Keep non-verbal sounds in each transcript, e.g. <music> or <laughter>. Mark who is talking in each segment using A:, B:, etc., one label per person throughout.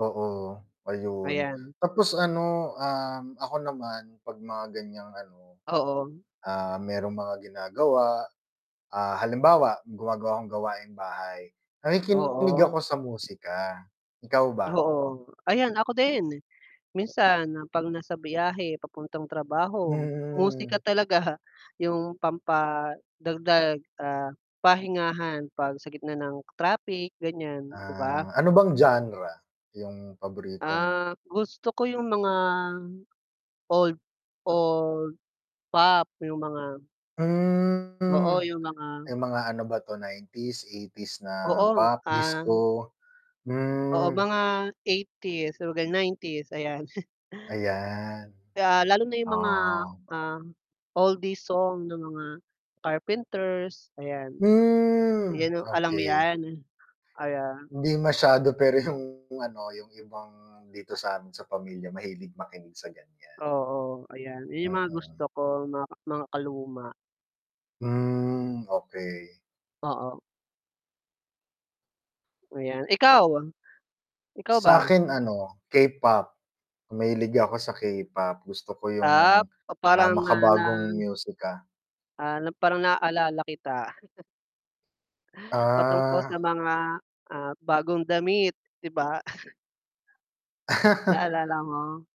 A: Oo. Ayun,
B: Ayan.
A: tapos ano, um, ako naman 'pag mga ganiyang ano,
B: Oo.
A: ah, mayrong mga ginagawa, ah, halimbawa gumagawa akong gawaing bahay, nakikinig
B: Oo.
A: ako sa musika. Ikaw ba?
B: Oo. Ayan ako din! Minsan 'pag nasa biyahe papuntang trabaho,
A: Hmm.
B: musika talaga yung pampadagdag, ah, pahingahan 'pag sa gitna ng traffic ganyan, 'di ba?
A: Ah, Ano bang genre yung paborito mo?
B: Ah, gusto ko yung mga, old old pop, yung mga Oo,
A: Hmm.
B: yung mga
A: Yung mga ano ba 'to 90s, 80s na
B: Oo,
A: pop,
B: ah
A: disco
B: Oo,
A: hmm.
B: mga 80s, <unintelligible> 90s, ayan. <chuckles>
A: Ayan.
B: Ah, lalo na yung mga,
A: Oh.
B: ah, oldies song ng mga Carpenters, ayan.
A: Hmm,
B: Yan 'no, alam mo
A: okey.
B: 'yan. Kaya
A: Hindi masyado, pero yung ano, yung ibang dito sa'min, sa pamilya mahilig makinig sa ganyan.
B: Oo, ayan. Ayan yung mga gusto
A: Mm.
B: ko ma makaluma.
A: Hmm, okey.
B: Oo. Ayan, ikaw? Ikaw ba?
A: Sa'kin ano, K-pop. Mahilig ako sa K-pop. Gusto ko
B: Ah,
A: yung,
B: pa para
A: ah,
B: nga
A: makabagong
B: lang
A: musika.
B: Ah, na parang naalala kita. <chuckles> Patungkol
A: Ah.
B: sa mga, ah, bagong damit, 'di ba? <chuckles>
A: <laughs>
B: Naalala mo?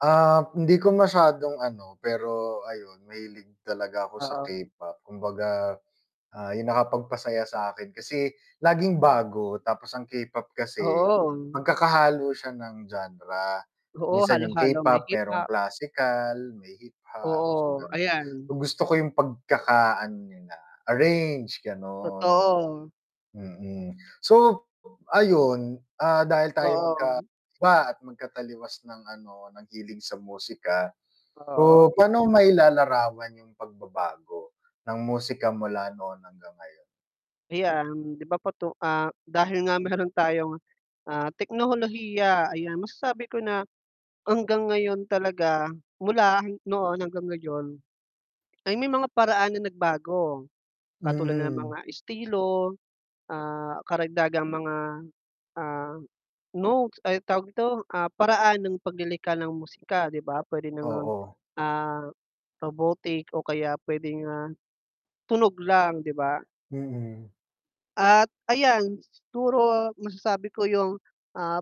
A: Ah, hindi ko masyadong ano, pero ayun mahilig talaga ako sa
B: Oo.
A: K-pop. Kumbaga, ah, yung nakapagpasaya sa'kin kasi laging bago tapos ang K-pop kasi
B: Oo.
A: magkakahalo siya ng genre.
B: Oo,
A: Minsan yung
B: halo-halo. May
A: K-pop mayrong
B: hip-hop.
A: classical, may hip-hop, so
B: Oo,
A: gano'n.
B: ayan.
A: Yung gusto ko yung pagkakaano nila, arrange, gano'n.
B: Totoo.
A: Mm. So, ayun, ah, dahil tayo
B: Oo.
A: magkaiba at magkataliwas ng ano, ng hilig sa musika,
B: Oo.
A: so pa'no mo mailalarawan yung pagbabago ng musika mula noon hanggang ngayon?
B: Ayan, 'di ba patu ah, dahil nga mayro'n tayong, ah, teknolohiya, ayan. Masasabi ko na hanggang ngayon talaga, mula noon hanggang ngayon ay may mga paraan na nagbago katulad ng
A: Mm.
B: mga estilo, ah, karagdagang mga, ah, notes ay, anong tawag dito, ah, paraan ng paglilikha ng musika, 'di ba? Puwede na ngang,
A: Oo.
B: ah, robotic o kaya puwedeng, ah, tunog lang, 'di ba?
A: Mm.
B: At ayan, siguro masasabi ko yung ap